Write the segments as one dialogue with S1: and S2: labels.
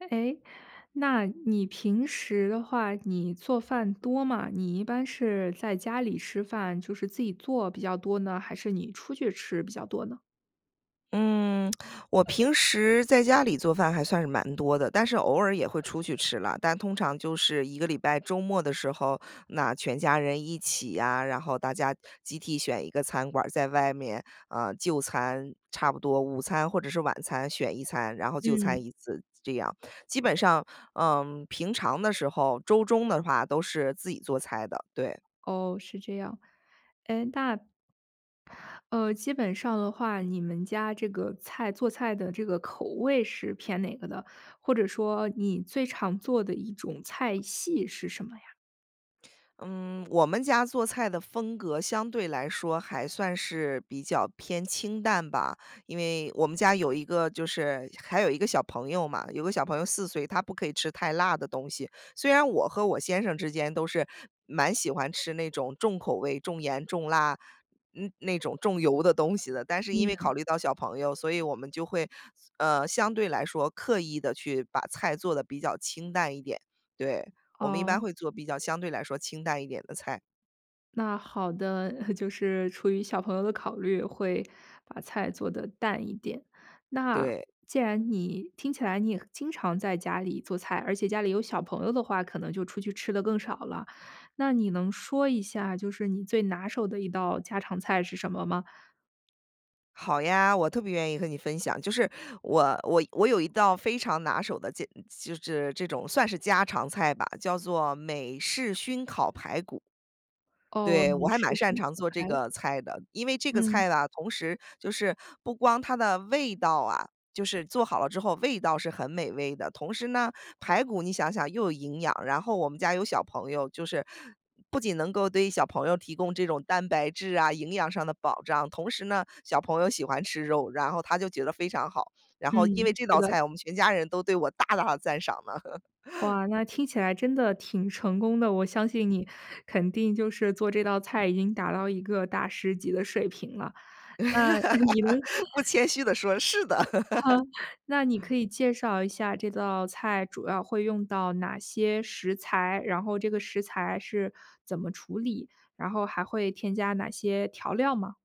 S1: 诶，那你平时的话你做饭多吗？你一般是在家里吃饭就是自己做比较多呢，还是你出去吃比较多呢？
S2: 嗯，我平时在家里做饭还算是蛮多的，但是偶尔也会出去吃啦。但通常就是一个礼拜周末的时候，那全家人一起呀，然后大家集体选一个餐馆儿在外面，呃，就餐。差不多午餐或者是晚餐选一餐，然后就
S1: 嗯。
S2: 餐一次，这样。基本上，嗯，平常的时候周中的话都是自己做菜的，对。
S1: 哦，是这样。诶，那呃，基本上的话，你们家这个菜做菜的这个口味是偏哪个的，或者说你最常做的一种菜系是什么呀？
S2: 嗯，我们家做菜的风格相对来说，还算是比较偏清淡吧。因为我们家有一个就是还有一个小朋友嘛，有个小朋友4岁，他不可以吃太辣的东西。虽然我和我先生之间都是，蛮喜欢吃那种重口味重盐重辣，那那种重油的东西的。但是因为
S1: 嗯。
S2: 考虑到小朋友，所以我们就会，呃，相对来说刻意地去把菜做得比较清淡一点。对，我们一般
S1: 哦。
S2: 会做比较相对来说清淡一点的菜。
S1: 那好的，就是出于小朋友的考虑，会把菜做得淡一点。那，
S2: 对。
S1: 既然你听起来你也经常在家里做菜，而且家里有小朋友的话，可能就出去吃得更少了。那你能说一下就是你最拿手的一道家常菜是什么吗？
S2: 好呀，我特别愿意和你分享。就是，我我我有一道非常拿手的家就是这种算是家常菜吧，叫做美式熏烤排骨。
S1: 哦，
S2: 对，我
S1: 美
S2: 还
S1: 式
S2: 蛮擅
S1: 熏
S2: 长
S1: 烤
S2: 做这
S1: 排骨。
S2: 个菜的。因为这个
S1: 嗯。
S2: 菜呢，同时就是不光它的味道啊就是做好了之后味道是很美味的，同时呢，排骨你想想，又有营养，然后我们家有小朋友，就是不仅能够对于小朋友提供这种蛋白质啊营养上的保障，同时呢，小朋友喜欢吃肉，然后他就觉得非常好。然后因为
S1: 嗯，
S2: 这
S1: 是
S2: 道
S1: 的。
S2: 菜，我们全家人都对我大大地赞赏呢。
S1: 哇，那听起来真的挺成功的，我相信你肯定就是做这道菜已经达到一个大师级的水平了。那，你能
S2: 不谦虚地说，是的。
S1: 哈，那你可以介绍一下这道菜主要会用到哪些食材？然后这个食材是怎么处理？然后还会添加哪些调料吗？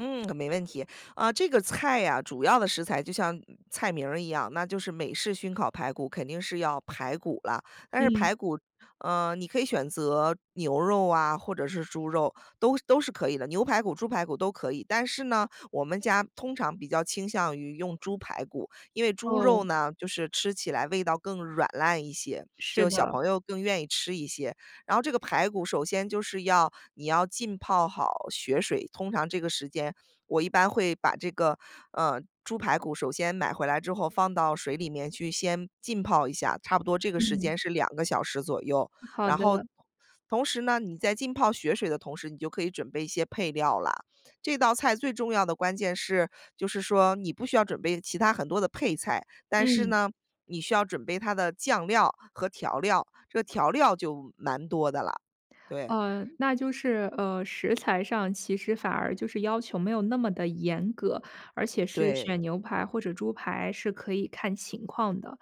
S2: 嗯，没问题。呃，这个菜呀主要的食材就像菜名儿一样，那就是美式熏烤排骨，肯定是要排骨啦。但是
S1: 嗯。
S2: 排骨，呃，你可以选择牛肉啊或者是猪肉，都都是可以的，牛排骨猪排骨都可以。但是呢，我们家通常比较倾向于用猪排骨，因为猪
S1: 哦。
S2: 肉呢就是吃起来味道更软烂一些，
S1: 是
S2: 就小
S1: 的。
S2: 朋友更愿意吃一些。然后这个排骨首先就是要你要浸泡好血水。通常这个时间，我一般会把这个，嗯，猪排骨首先买回来之后放到水里面去先浸泡一下，差不多这个时
S1: 嗯。
S2: 间是2个小时左右。
S1: 好
S2: 然后
S1: 的。
S2: 同时呢你在浸泡血水的同时，你就可以准备一些配料啦。这道菜最重要的关键是，就是说你不需要准备其他很多的配菜，但是
S1: 嗯。
S2: 呢，你需要准备它的酱料和调料，这调料就蛮多的啦，对。
S1: 嗯，那就是，呃，食材上，其实反而就是要求没有那么地严格。而且是
S2: 对。
S1: 选牛排或者猪排是可以看情况的。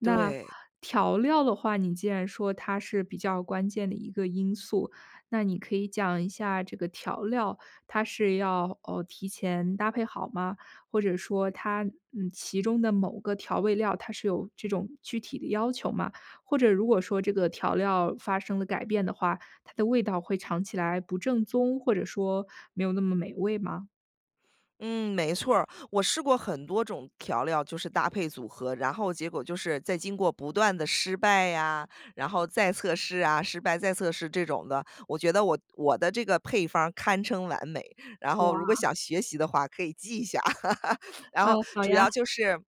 S1: 那
S2: 对。
S1: 调料的话，你既然说它是比较关键的一个因素，那你可以讲一下这个调料它是要，呃，提前搭配好吗？或者说它嗯，其中的某个调味料，它是有这种具体的要求吗？或者如果说这个调料发生了改变的话，它的味道会尝起来不正宗，或者说没有那么美味吗？
S2: 嗯，没错儿。我试过很多种调料，就是搭配组合。然后结果就是，在经过不断的失败呀，然后再测试呀，失败再测试这种的，我觉得我我的这个配方儿堪称完美。然后如果
S1: 哇。
S2: 想学习的话，可以记一下。然
S1: 嗯，
S2: 后
S1: 好
S2: 主要
S1: 呀。
S2: 就是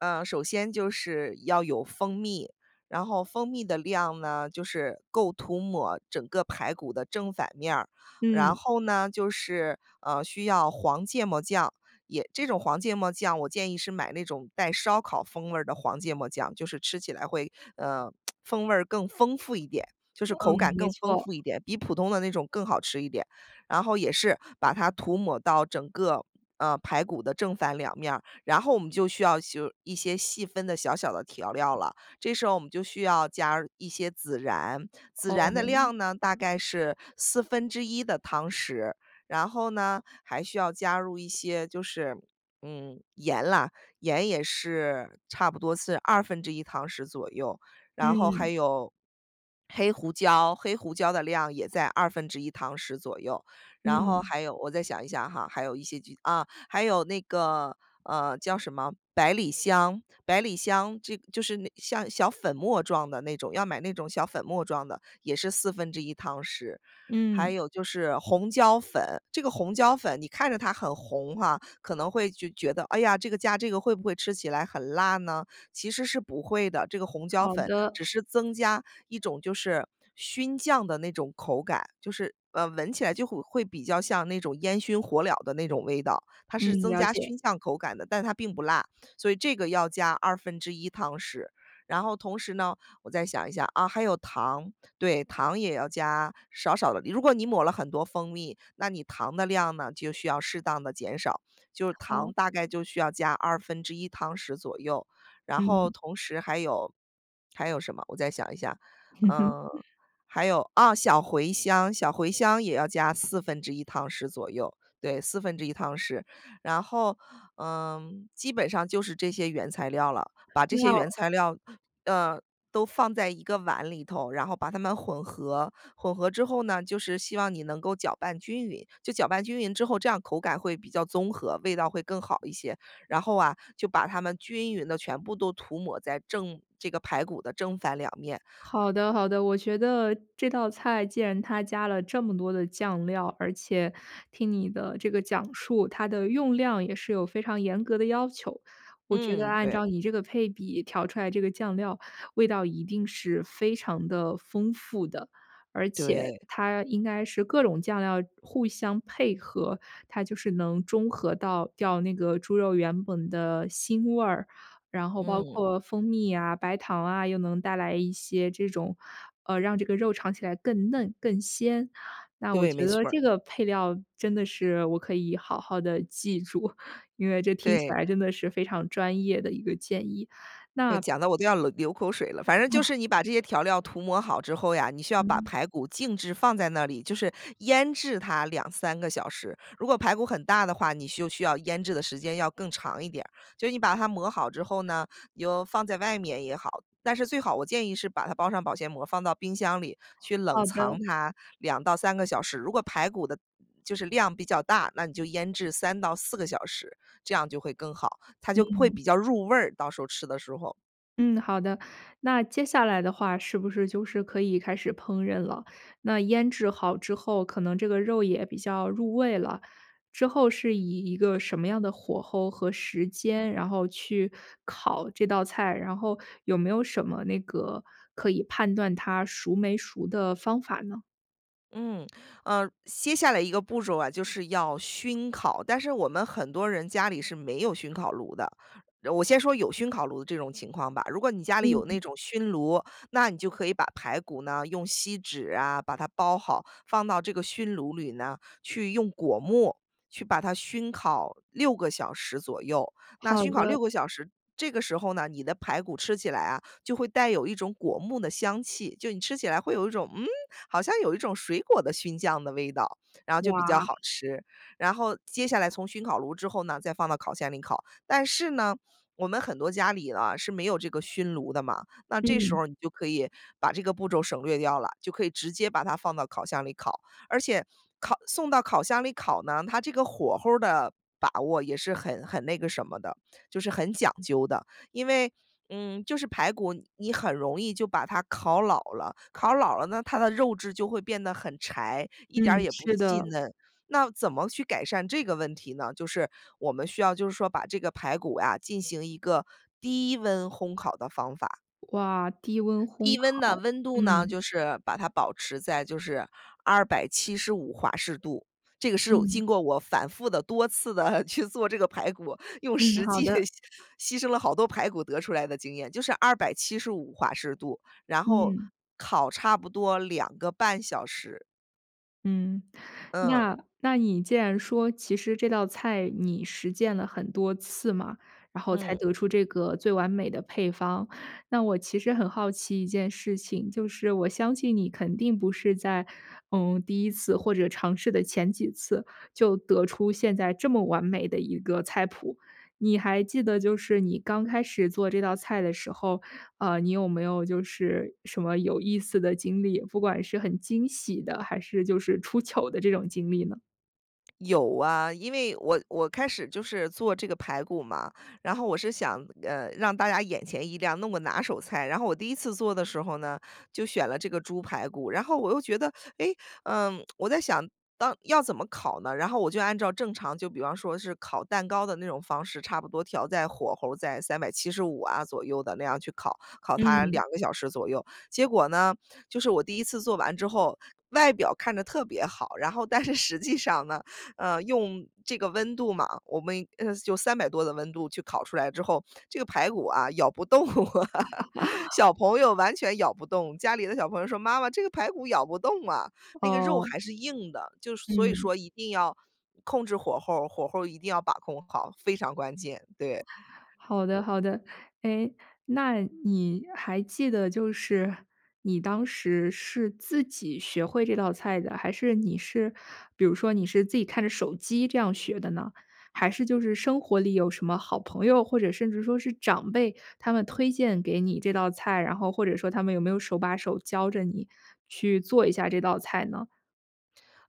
S2: 呃，首先就是要有蜂蜜。然后蜂蜜的量呢，就是够涂抹整个排骨的正反面儿，然
S1: 嗯。
S2: 后呢就是，呃，需要黄芥末酱，也这种黄芥末酱，我建议是买那种带烧烤风味儿的黄芥末酱，就是吃起来会，呃，风味儿更丰富一点，就是口感
S1: 嗯，没
S2: 更丰
S1: 错。
S2: 富一点，比普通的那种更好吃一点，然后也是把它涂抹到整个，呃，排骨的正反2面儿。然后我们就需要修一些细分的小小的调料了。这时候我们就需要加一些孜然，孜然的
S1: 哦。
S2: 量呢大概是1/4的汤匙。然后呢，还需要加入一些就是，嗯，盐啦，盐也是，差不多是1/2汤匙左右。然后还
S1: 嗯。
S2: 有 黑胡椒，黑胡椒的量也在1/2汤匙左右。然后
S1: 嗯。
S2: 还有我再想一想哈，还有一些就啊，还有那个，呃，叫什么？百里香，百里香这就是那像小粉末状的那种，要买那种小粉末状的，也是1/4汤匙。还
S1: 嗯。
S2: 有就是红椒粉，这个红椒粉你看着它很红哈，可能会觉觉得：“哎呀，这个加这个会不会吃起来很辣呢？”其实是不会的。这个红椒
S1: 好
S2: 粉
S1: 的。
S2: 只是增加一种就是熏酱的那种口感，就是，呃，闻起来就会会比较像那种烟熏火燎的那种味道。它
S1: 嗯，
S2: 是增
S1: 了
S2: 加
S1: 解。
S2: 熏酱口感的，但它并不辣，所以这个要加1/2汤匙。然后同时呢我再想一下，啊，还有糖。对，糖也要加少少的，如果你抹了很多蜂蜜，那你糖的量呢，就需要适当地减少，就糖
S1: 好。
S2: 大概就需要加1/2汤匙左右。然后
S1: 嗯。
S2: 同时还有还有什么？我再想一下。嗯，还有，啊，小茴香，小茴香也要加1/4汤匙左右，对，1/4汤匙。然后，嗯，基本上就是这些原材料了。把这
S1: 那
S2: 些原
S1: 要
S2: 材料，呃，都放在一个碗里头，然后把它们混合，混合之后呢就是希望你能够搅拌均匀，就搅拌均匀之后，这样口感会比较综合，味道会更好一些。然后啊，就把它们均匀地全部都涂抹在正这个排骨的正反2面。
S1: 好的好的，我觉得这道菜既然它加了这么多的酱料，而且听你的这个讲述，它的用量也是有非常严格的要求。我觉得
S2: 嗯，
S1: 按
S2: 对。
S1: 照你这个配比调出来这个酱料，味道一定是非常地丰富的。而且
S2: 对。
S1: 它应该是各种酱料互相配合，它就是能中和到掉那个猪肉原本的腥味儿。然后包
S2: 嗯。
S1: 括蜂蜜啊、白糖啊，又能带来一些这种，呃，让这个肉尝起来更嫩、更鲜。那我
S2: 对，没
S1: 觉得
S2: 错儿。
S1: 这个配料真的是我可以好好地记住，因为这听起
S2: 对。
S1: 来真的是非常专业的一个建议。
S2: 这
S1: 那
S2: 讲得我都要流流口水了。反正就
S1: 哇。
S2: 是你把这些调料涂抹好之后呀，你需要把
S1: 嗯。
S2: 排骨静置放在那里，就是腌制它2-3个小时。如果排骨很大的话，你就需要腌制的时间要更长一点儿。就是你把它抹好之后呢，你就放在外面也好，但是最好我建议是把它包上保鲜膜，放到冰箱里，去冷
S1: 好
S2: 藏
S1: 的。
S2: 它2到3个小时。如果排骨的就是量比较大，那你就腌制3到4个小时，这样就会更好，它就会
S1: 嗯。
S2: 比较入味儿，到时候吃的时候。
S1: 嗯，好的，那接下来的话，是不是就是可以开始烹饪了？那腌制好之后，可能这个肉也比较入味了。之后是以一个什么样的火候和时间，然后去烤这道菜？然后有没有什么那个可以判断它熟没熟的方法呢？
S2: 嗯，呃，接下来一个步骤啊，就是要熏烤。但是我们很多人家里是没有熏烤炉的。呃我先说有熏烤炉的这种情况吧。如果你家里有
S1: 嗯。
S2: 那种熏炉，那你就可以把排骨呢用锡纸呀把它包好，放到这个熏炉里呢，去用果木去把它熏烤6个小时左右。那
S1: 好
S2: 熏烤6
S1: 的。
S2: 个小时，这个时候呢，你的排骨吃起来啊，就会带有一种果木的香气。就你吃起来会有一种，嗯？好像有一种水果的熏酱的味道，然后就比较
S1: 哇。
S2: 好吃。然后接下来从熏烤炉之后呢，再放到烤箱里烤。但是呢，我们很多家里啊，是没有这个熏炉的嘛，那这时
S1: 嗯。
S2: 候你就可以把这个步骤省略掉了，就可以直接把它放到烤箱里烤。而且，烤送到烤箱里烤呢，它这个火候儿的把握也是很很那个什么的，就是很讲究的。因为，嗯，就是排骨你很容易就把它烤老了，烤老了呢，它的肉质就会变得很柴，一点儿
S1: 嗯，
S2: 也不
S1: 是
S2: 细
S1: 的。
S2: 嫩。那怎么去改善这个问题呢？就是我们需要就是说把这个排骨呀进行一个低温烘烤的方法。
S1: 哇，低温烘
S2: 低温呢，
S1: 烤。
S2: 温度呢
S1: 嗯。
S2: 就是把它保持在就是275华氏度。这个是
S1: 嗯。
S2: 经过我反复地多次地去做这个排骨，用
S1: 嗯，
S2: 实
S1: 好
S2: 际
S1: 的。
S2: 牺牲了好多排骨得出来的经验，就是275华氏度。然后，
S1: 嗯。
S2: 烤差不多2.5小时。
S1: 嗯。
S2: 嗯。
S1: 那那你既然说，其实这道菜你实践了很多次嘛，然后才
S2: 嗯。
S1: 得出这个最完美的配方。那我其实很好奇一件事情，就是我相信你肯定不是在，嗯，第一次或者尝试的前几次，就得出现在这么完美的一个菜谱。你还记得就是你刚开始做这道菜的时候，呃，你有没有就是什么有意思的经历？不管是很惊喜的，还是就是出糗的这种经历呢？
S2: 有啊。因为我我开始就是做这个排骨嘛，然后我是想，呃，让大家眼前一亮，那我拿手菜。然后我第一次做的时候呢，就选了这个猪排骨，然后我又觉得，诶，嗯，我在想当要怎么烤呢？然后我就按照正常就比方说是烤蛋糕的那种方式，差不多调在火候儿在375啊左右的那样去烤，烤它
S1: 嗯。
S2: 2个小时左右。结果呢，就是我第一次做完之后，外表看着特别好，然后但是实际上呢，嗯，用这个温度嘛，我们，呃，用300多的温度去烤出来之后，这个排骨啊咬不动。小 朋友完全咬不动，家里的小朋友说：“妈妈，这个排骨咬不动啊。“那个肉
S1: 哦。
S2: 还是硬的，就所以
S1: 嗯。
S2: 说一定要控制火候儿，火候儿一定要把控好。非常关键，对。
S1: 好的好的。诶，那你还记得，就是你当时是自己学会这道菜的，还是你是比如说你是自己看着手机这样学的呢？还是就是生活里有什么好朋友，或者甚至说是长辈，他们推荐给你这道菜？然后或者说他们有没有手把手教着你去做一下这道菜呢？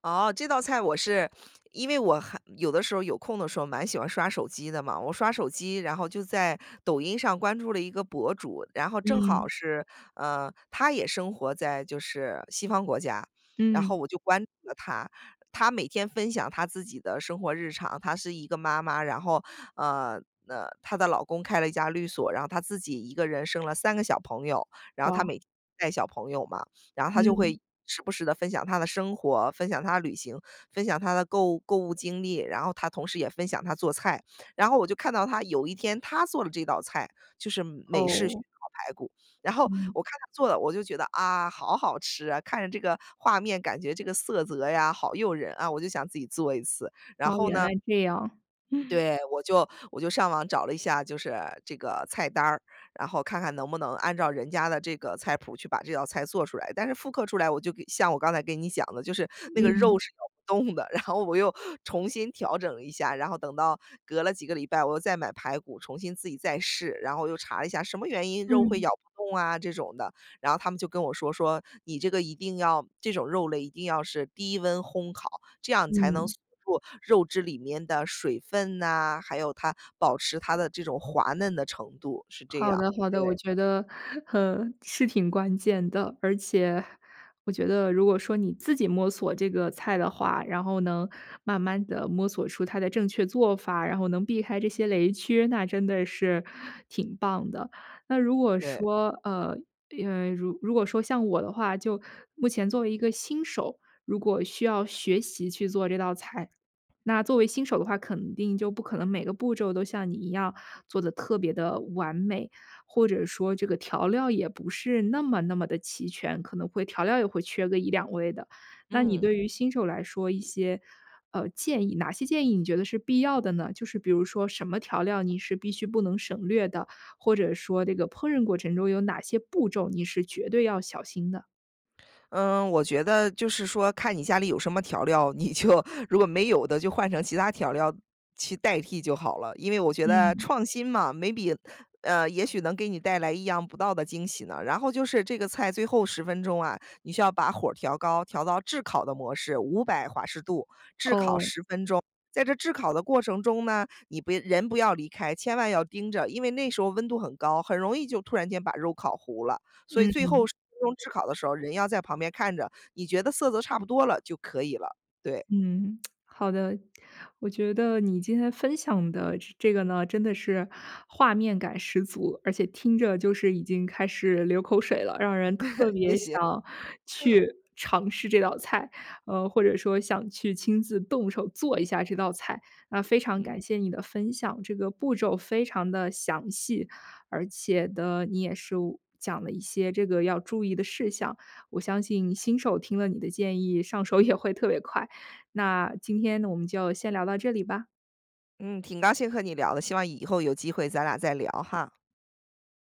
S2: 哦，这道菜我是因为我还有的时候有空的时候蛮喜欢刷手机的嘛。我刷手机，然后就在抖音上关注了一个博主，然后正好
S1: 嗯。
S2: 是，呃，她也生活在就是西方国家，然后
S1: 嗯。
S2: 我就关注了她。她每天分享她自己的生活日常，她是一个妈妈，然后，呃，那她的老公开了一家律所，然后她自己一个人生了3个小朋友，然后她
S1: 哇。
S2: 每天带小朋友嘛。然后她就
S1: 嗯。
S2: 会时不时地分享她的生活、分享她的旅行、分享她的购购物经历，然后她同时也分享她做菜。然后我就看到她有一天，她做了这道菜，就是美式熏
S1: 哦。
S2: 烤排骨。然后，
S1: 嗯。
S2: 我看她做的，我就觉得：“啊，好好吃啊！看着这个画面，感觉这个色泽呀好诱人啊。“我就想自己做一次，然
S1: 哦，
S2: 后
S1: 原
S2: 呢
S1: 来这样。
S2: 对，我就我就上网找了一下就是这个菜单儿，然后看看能不能按照人家的这个菜谱儿去把这道菜做出来。但是复刻出来，我就给像我刚才给你讲的，就是那个肉
S1: 嗯。
S2: 是咬不动的，然后我又重新调整了一下，然后等到隔了几个礼拜，我又再买排骨，重新自己再试，然后我又查了一下“什么原因肉会
S1: 嗯。
S2: 咬不动啊”这种的，然后他们就跟我说，说：“你这个一定要这种肉类一定要是低温烘烤，这样才能
S1: 嗯。
S2: 锁住肉质里面的水分呐，还有它保持它的这种滑嫩的程度。“是这
S1: 好
S2: 样，
S1: 的好
S2: 对。
S1: 的，我觉得，呵，是挺关键的。而且，我觉得如果说你自己摸索这个菜的话，然后能慢慢地摸索出它的正确做法，然后能避开这些雷区，那真的是挺棒的。那如果
S2: 对。
S1: 说呃，因为如如果说像我的话，就目前作为一个新手，如果需要学习去做这道菜，那作为新手的话肯定就不可能每个步骤都像你一样做得特别地完美，或者说这个调料也不是那么那么地齐全，可能会调料也会缺个1-2味的。那你对
S2: 嗯。
S1: 于新手来说一些，呃，建议哪些建议你觉得是必要的呢？就是比如说，什么调料你是必须不能省略的？或者说这个烹饪过程中有哪些步骤你是绝对要小心的？
S2: 嗯，我觉得就是说看你家里有什么调料，你就如果没有的就换成其他调料去代替就好了。因为我觉得
S1: 嗯。
S2: 创新嘛，maybe，呃，也许能给你带来意想不到的惊喜呢。然后就是这个菜最后10分钟啊，你需要把火儿调高，调到炙烤的模式，500华氏度，炙烤
S1: 哦。
S2: 10分钟。在这炙烤的过程中呢，你不人不要离开，千万要盯着，因为那时候温度很高，很容易就突然间把肉烤糊了。所以最后
S1: 嗯。
S2: 10分钟炙烤的时候儿，人要在旁边看着。你觉得色泽差不多了，就可以了。对。
S1: 嗯，好的。我觉得你今天分享的这这个呢，真的是画面感十足，而且听着就是已经开始流口水了，让人特
S2: 谢
S1: 别
S2: 谢。
S1: 想 去尝试这道菜，呃，或者说想去亲自动手做一下这道菜。那非常
S2: 嗯。
S1: 感谢你的分享，这个步骤非常地详细，而且呢你也是讲了一些这个要注意的事项。我相信新手听了你的建议，上手也会特别快。那今天我们就先聊到这里吧。
S2: 嗯，挺高兴和你聊的。希望以后有机会咱俩再聊哈。